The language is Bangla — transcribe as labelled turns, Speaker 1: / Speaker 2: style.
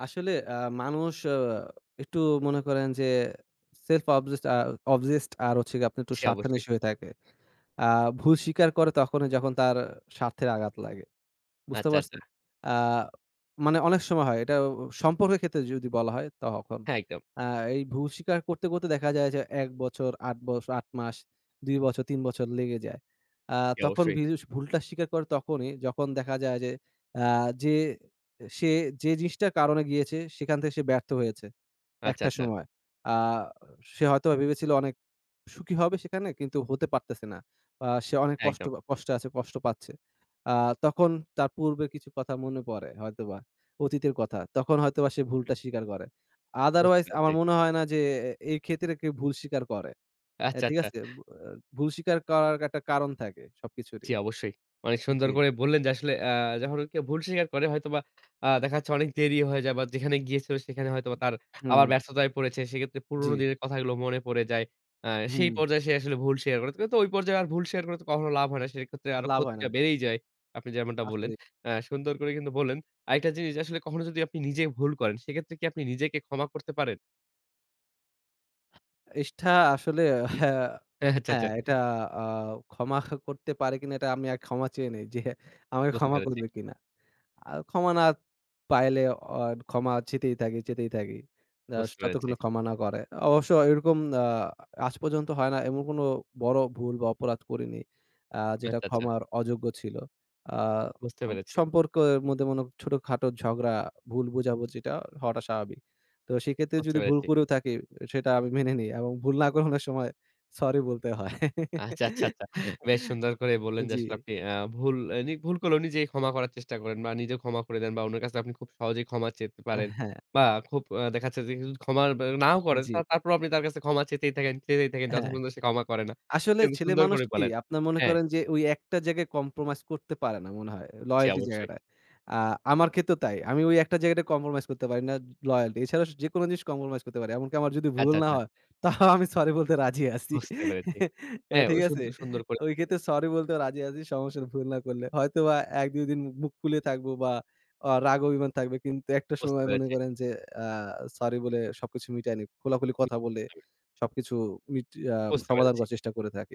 Speaker 1: আসলে আ মানুষ অ একটু মনে করেন যে self obsessed আ obsessed আর হচ্ছে গিয়ে আপনি একটু
Speaker 2: জি, অবশ্যই।
Speaker 1: স্বার্থান্বেষী হয়ে থাকে। আ ভুল স্বীকার করে তখনই যখন তার স্বার্থের আঘাত লাগে। বুঝতে
Speaker 2: আচ্ছা,
Speaker 1: পারছেন?
Speaker 2: আচ্ছা।
Speaker 1: আ মানে অনেক সময় হয় এটা সম্পর্কের ক্ষেত্রে যদি বলা হয় তখন।
Speaker 2: হ্যাঁ, একদম।
Speaker 1: আ এই ভুল স্বীকার করতে করতে দেখা যায় যে ১ বছর, ৮ বছ ৮ মাস, ২ বছর ৩ বছর লেগে যায়। আ
Speaker 2: জি
Speaker 1: তখন
Speaker 2: অবশ্যই।
Speaker 1: পীযুষ ভুলটা স্বীকার করে তখনই যখন দেখা যায় যে অ্যা যে সে যে জিনিসটার কারণে গিয়েছে সেখান থেকে সে ব্যর্থ হয়েছে
Speaker 2: আচ্ছা,
Speaker 1: একটা
Speaker 2: আচ্ছা।
Speaker 1: সময়। আ সে হয়তো ভেবেছিল অনেক সুখী হবে সেখানে কিন্তু হতে পারতেছে না। আ সে অনেক কষ্ট
Speaker 2: একদম।
Speaker 1: কষ্টে আছে কষ্ট পাচ্ছে। আ তখন তার পূর্বের কিছু কথা মনে পড়ে হয়তোবা অতীতের কথা। তখন হয়তোবা সে ভুলটা স্বীকার করে।
Speaker 2: বুঝতে
Speaker 1: otherwise
Speaker 2: পেরেছি।
Speaker 1: আমার মনে হয় না যে আ এই ক্ষেত্রে কেউ ভুল স্বীকার করে অ্যা
Speaker 2: আচ্ছা,
Speaker 1: ঠিক
Speaker 2: আচ্ছা।
Speaker 1: আছে? ভু আ ভুল স্বীকার করার একটা কারণ থাকে সবকিছুরই।
Speaker 2: জি অবশ্যই। অনেক সুন্দর
Speaker 1: জি।
Speaker 2: করেই বললেন যে আসলে অ্যা যখন কেউ ভুল স্বীকার করে হয়তোবা আ দেখা যাচ্ছে অনেক দেরি হয়ে যায় বা যেখানে গিয়েছিল সেখানে হয়তো বা তার আবার
Speaker 1: হুম।
Speaker 2: ব্যস্ততায় পড়েছে। সেক্ষেত্রে পুরনো
Speaker 1: জি।
Speaker 2: দিনের কথাগুলো মনে পড়ে যায়। আ সেই
Speaker 1: হুম।
Speaker 2: পর্যায়ে সে আসলে ভুল শিয়ার করে। কিন্তু ঐ পর্যায়ে আর ভুল শিয়ার করে তো কখনো লাভ হয় না। সেক্ষেত্রে আরো
Speaker 1: লাভ হয়
Speaker 2: ক্ষতিটা
Speaker 1: না।
Speaker 2: বেড়েই যায়, আপনি যেমনটা বললেন।
Speaker 1: আসলে।
Speaker 2: অ্যা সুন্দর করে কিন্তু বললেন। আরেকটা জিনিস যে আসলে কখনো যদি আপনি নিজে ভুল করেন, সেক্ষেত্রে কি আপনি নিজেকে ক্ষমা করতে পারেন?
Speaker 1: ইষ্টা আসলে হ্যাঁ,
Speaker 2: হ্যাঁ। আচ্ছা, আচ্ছা।
Speaker 1: হ্যাঁ এটা আ ক্ষমা করতে পারে কিনা এটা আমিআগ ক্ষমা চেয়ে নেই যে আমাকে
Speaker 2: বুঝতে
Speaker 1: ক্ষমা
Speaker 2: পারেছি।
Speaker 1: করবে কিনা। আর ক্ষমা না পাইলে অ ক্ষমা চেতেই থাকি, চেতেই থাকি। জস
Speaker 2: বুঝতে পেরেছি।
Speaker 1: যতক্ষণ ক্ষমা না করে। অবশ্য এরকম আ আজ পর্যন্ত হয় না এমন কোন বড় ভুল বা অপরাধ করিনি, আ যেটা
Speaker 2: আচ্ছা, আচ্ছা।
Speaker 1: ক্ষমার অযোগ্য ছিল। আ
Speaker 2: বুঝতে পেরেছি।
Speaker 1: সম্পর্কের মধ্যে মনে ছোটখাটো ঝগড়া, ভুল বুঝাবুঝিটা হওয়াটা স্বাভাবিক। তো সেক্ষেত্রে
Speaker 2: বুঝতে
Speaker 1: যদি ভুল
Speaker 2: পেরেছি।
Speaker 1: করেও থাকি, সেটা আমি মেনে নেই। এবং ভুল না করানোর সময় সরি বলতে হয়।
Speaker 2: আচ্ছা, আচ্ছা, আচ্ছা। বেশ সুন্দর করে বললেন যে
Speaker 1: জি।
Speaker 2: আসলে আপনি অ্যা ভুল এ নিভুল করলেও নিজেকেই ক্ষমা করার চেষ্টা করেন বা নিজেও ক্ষমা করে দেন বা উনার কাছে আপনি খুব সহজেই ক্ষমা চেতে
Speaker 1: অ্যা
Speaker 2: পারেন।
Speaker 1: হ্যাঁ।
Speaker 2: বা খুব অ্যা দেখা যাচ্ছে যে কিছু ক্ষমা নাও করেন।
Speaker 1: জি।
Speaker 2: তা তারপরও আপনি তার কাছে ক্ষমা চেতেই থাকেন চেতেই থাকেন যতক্ষণ
Speaker 1: হ্যাঁ।
Speaker 2: পর্যন্ত সে ক্ষমা করে না। এটা
Speaker 1: আসলে
Speaker 2: কিন্তু
Speaker 1: ছেলে
Speaker 2: সুন্দর
Speaker 1: মানুষ
Speaker 2: করে
Speaker 1: কি?
Speaker 2: বলেন।
Speaker 1: আপনারা মনে
Speaker 2: হ্যাঁ।
Speaker 1: করেন ওই যে একটা জায়গায় compromise করতে পারে না মনে হয়,
Speaker 2: জি
Speaker 1: loyalty
Speaker 2: অবশ্যই।
Speaker 1: জায়গাটায়। আ আমার ক্ষেত্রেও তাই। আমি ওই একটা জায়গাটায় compromise করতে পারি না, loyalty। এছাড়া স যেকোনো জিনিস compromise করতে পারি। এমনকি আমার যদি ভুল
Speaker 2: আচ্ছা,
Speaker 1: না
Speaker 2: আচ্ছা।
Speaker 1: হয় তাও আমি সরি বলতে রাজি আছি
Speaker 2: বুঝতে পেরেছি।
Speaker 1: আ
Speaker 2: হ্যাঁ
Speaker 1: ঠিক
Speaker 2: ওই
Speaker 1: আছে?
Speaker 2: সুন্দর সুন্দর করে।
Speaker 1: ওই
Speaker 2: [unintelligible]
Speaker 1: ক্ষেত্রে sorry বলতেও রাজি আছি। সমস্যা নাই ভুল করলে হয়তোবা ১-২ দিন মুখ ফুলে থাকব বা আ রাগ অভিমান থাকবে কিন্তু একটা
Speaker 2: বুঝতে
Speaker 1: সময় মনে
Speaker 2: পেরেছি।
Speaker 1: করেন যে অ্যা সরি বলে সবকিছু মিটায় নিই। খোলাখুলি
Speaker 2: হু।
Speaker 1: কথা বলে
Speaker 2: [unintelligible]
Speaker 1: সবকিছু মিটিয়ে আ
Speaker 2: বুঝতে
Speaker 1: সমাধান
Speaker 2: পেরেছি।
Speaker 1: করার চেষ্টা করে থাকি।